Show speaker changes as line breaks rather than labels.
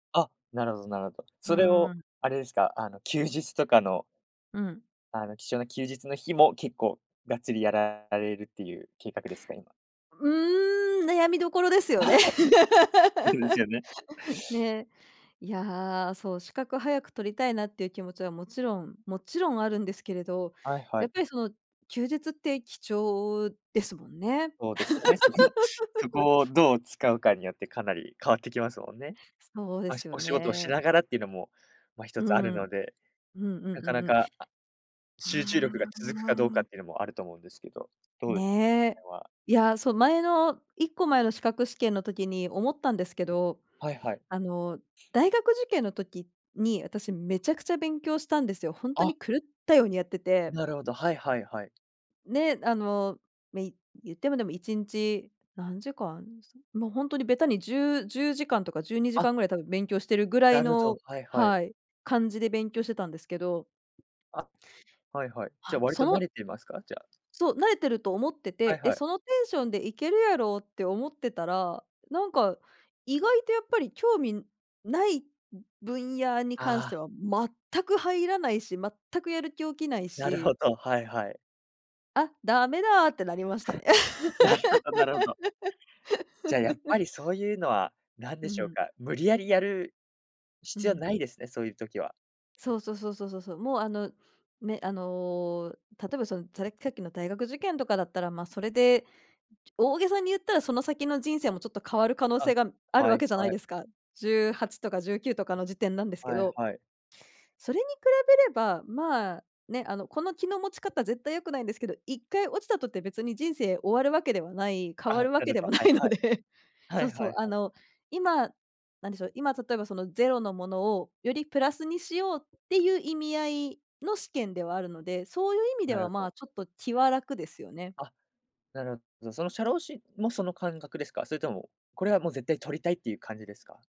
あ、なるほどなるほど。
う
それ
ー
を、
ん。
あれですか、あの、休日とかの
うん。
あの貴重な休日の日も、結構がっつりやられるっていう計画ですか、今。
うーん、悩みどころですよね。
そうですよね。
ね。いや、そう資格早く取りたいなっていう気持ちはもちろんもちろんあるんですけれど、
はいは
やっ
い。
ぱりその、休日って貴重ですもんね。
そうですよね、そこ、そ こをどう使うかによって、かなり変わってきますもんね。
そうで
まあ、
すよ
お仕事をし
ね。
ながらっていうのも、まあ、一
う
つある
ん。うん
ので。
うん
な
う
かな
んうん。
か、集中
あ
力が続くかどうかっ
あ。
ていうのもあると思うんですけど、どうですか、その
ねえ。
辺は。
いや、そう前の1個前の資格試験の時に思ったんですけど、
はいはい。
あの、大学受験の時に、私めちゃくちゃ勉強したんですよ。本当
あ。
に狂ったようにやってて。
なるほど、はいはいはい。
ね、あの、まあ、い言ってもでも1日何時間、もう本当にべたに10、10時間とかじゅうにじ
あ。
かんぐらいたぶん勉強してるぐらい
なるほど、
の、
はいはい。
はい、感じで勉強してたんですけど。
あ、はいはい。じ
は
ゃあ
い、
割と
そ
慣
の
れていますか？じゃあ
そう、慣れてると思って
は
て、
い
で、
はい。
そのテンションでいけるやろって思ってたら、なんか意外とやっぱり興味ないう分野に関し
あ
て
あ。
は全く入らないし、全くやる気起きない
なるほ
し。
ど、はいはい。
あ、駄目だってなりましたね。
なるほどなるほど。じゃあ、やっ ぱりそういうのは何
う
で
ん
し
う
ょう
ん。
か、無理矢理やる
う
必要
ん。
ないですね、そういう時は。
そうそうそうそうそうそう、もうあのね、あの、例えばそのざさっきの大学受験とかだったら、まあ、それで、大げさに言ったら、その先の人生もちょっと変わる可能
あ、
性がある
は
わ
い
けじゃない
はい。
ですか。18とか19とかの時点なんですけ
はい
ど。
はい。
それに比べれば、まあ、ね、あの、この気の持ち方絶対良くないんですけど、1回落ちたとて別に人生終わるわけではない、変
あ、
わるわ
な
け
る
で
ほ
も
ど、
な
はい
いので、
はい。は
そう
いは
そう、
い
あ
はい。
の、今何でしょう、今例えばそのゼロのものをよりプラスにしようっていう意味合いの試験ではあるので、そういう意味で
な
は
るほ
ま
ど。
あ、ちょっと気は楽ですよね。
あ、なるほど。その社労士もその感覚ですか？それとも、これはもう絶対取りたいっていう感じですか？